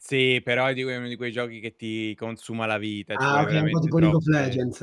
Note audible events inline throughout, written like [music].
Sì però è di è uno di quei giochi che ti consuma la vita, ci Ah, vuole okay, un po' veramente tipo League of troppe Legends.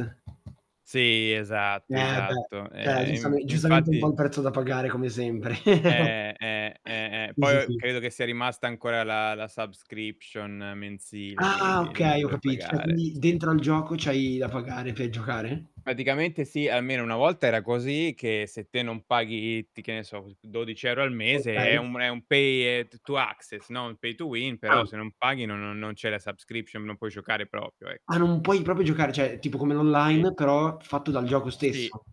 Sì esatto, Eh beh, esatto. cioè Ehm, giustame in giustamente un po' infatti il prezzo da pagare come sempre. [laughs] Eh, eh, eh, eh. Sì, Poi sì, o sì. credo che sia rimasta ancora la la subscription mensile, Ah, quindi devi okay, ho pure capit cioè pagare. quindi Sì. dentro al gioco c'hai da pagare per giocare? Praticamente sì, almeno una volta era così, che se te non paghi i ti che ne so [unintelligible] 12 € al mese è Okay. un è un pay, ehm, t to access, no, un pay to win, Ah. però se non paghi no no non c'è la subscription, non puoi giocare proprio, ecco. Ah, non puoi proprio giocare, cioè tipo come Sì. l'online, però fatto dal gioco Sì. stesso.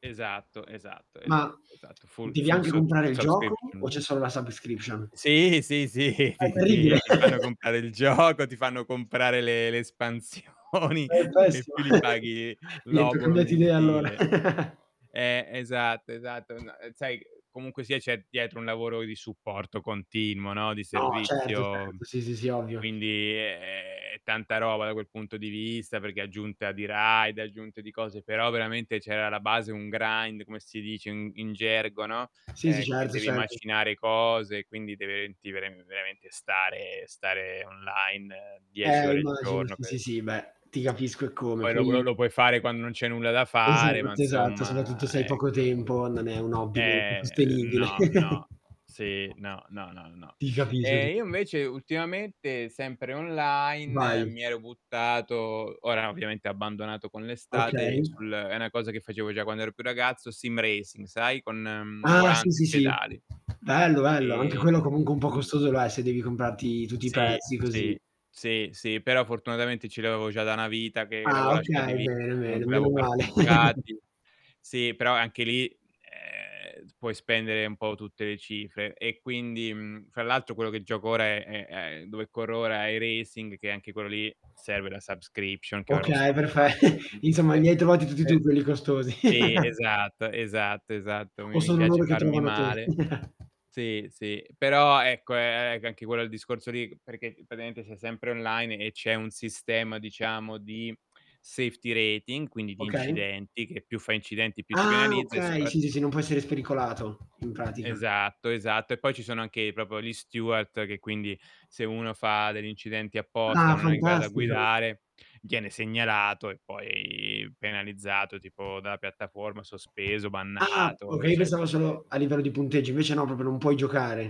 Esatto, esatto, Ma esatto, esatto, full devi full anche subs comprare il gioco o c'è subscription. solo la subscription? Sì, sì, sì, Ma è ti terribile. ti ti fanno [chuckles] comprare il gioco, ti fanno comprare le le espansioni e È in pessima. più li [chuckles] paghi Niente ho l'obolo cambiato idea allora. mensile. [laughs] Eh, esatto, esatto. No, uhm, sai c comunque sia c'è dietro un lavoro di supporto continuo, no, di No, certo, certo. servizio, Sì, sì, sì, ovvio. quindi è è è tanta roba, da quel punto di vista, perché è aggiunta di raid, è aggiunta di cose, però veramente c'è alla base un grind, come si dice in in gergo, no, Sì, sì. ehm, che Certo, devi certo. macinare cose, quindi deve ti ver veramente stare stare online 10 Eh, ore il immagino. giorno Sì, sì, per sì. Beh, ti capisco eccome, Poi lo po lo poi lo puoi fare quando non c'hai nulla da fare, ma Esatto, esatto, insomma, soprattutto se hai poco ecco. tempo non è un hobby comunque Eh, sostenibile. no, no. Sì, [chuckles] no, no, no, no. Ti capisco, ti Ehm, io capi invece ultimamente, sempre online, Vai. mi ero buttato ora ovviamente ho abbandonato con l'estate Okay. sul è 'na cosa che facevo già quando ero più ragazzo, sim racing, sai con, mhmm, Ah, sì, volante sì, e sì. pedali. Bello, bello, anche quello, Ehm, comunque, un po' mhmm costoso lo è, se devi comprarti tutti i Sì, pezzi così. sì, sì, sì, però fortunatamente ce li avevo già da 'na vita che l'avevo Ah, lasciati okay. lì, Bene, bene, comunque meno l'avevo male. [chuckles] parcheggiati. Sì, però anche lì, ehm, s puoi spendere un po' tutte le cifre, e quindi mhmm, fra l'altro quello che gioco ora è è è dove corro ora è "Racing" che anche quello lì serve la subscription che ora ho Okay, perfe stoppato [chuckles] Insomma li ovviamente, hai trovati tutti tu e quelli costosi. sì, [chuckles] esatto, esatto, esatto mi O mi sono piace loro che farmi trovano te. male. [chuckles] Sì, sì, però ecco è è c anche quello il discorso lì perché praticamente sei sempre online e c'è un sistema diciamo di safety rating, quindi di Okay. incidenti, che più fai incidenti più ti Ah, penalizza e okay, sì, sì, sì, soppratutto non puoi essere spericolato, in pratica. esatto, esatto, e poi ci sono anche proprio gli steward, che quindi se uno fa degli incidenti apposta, o Ah, non è in grado a fantastico. guidare, viene segnalato e poi penalizzato, tipo dalla piattaforma, sospeso, Ah bannato, okay, io pensavo eccetera, solo eccete a livello di punteggio, invece no proprio non puoi giocare.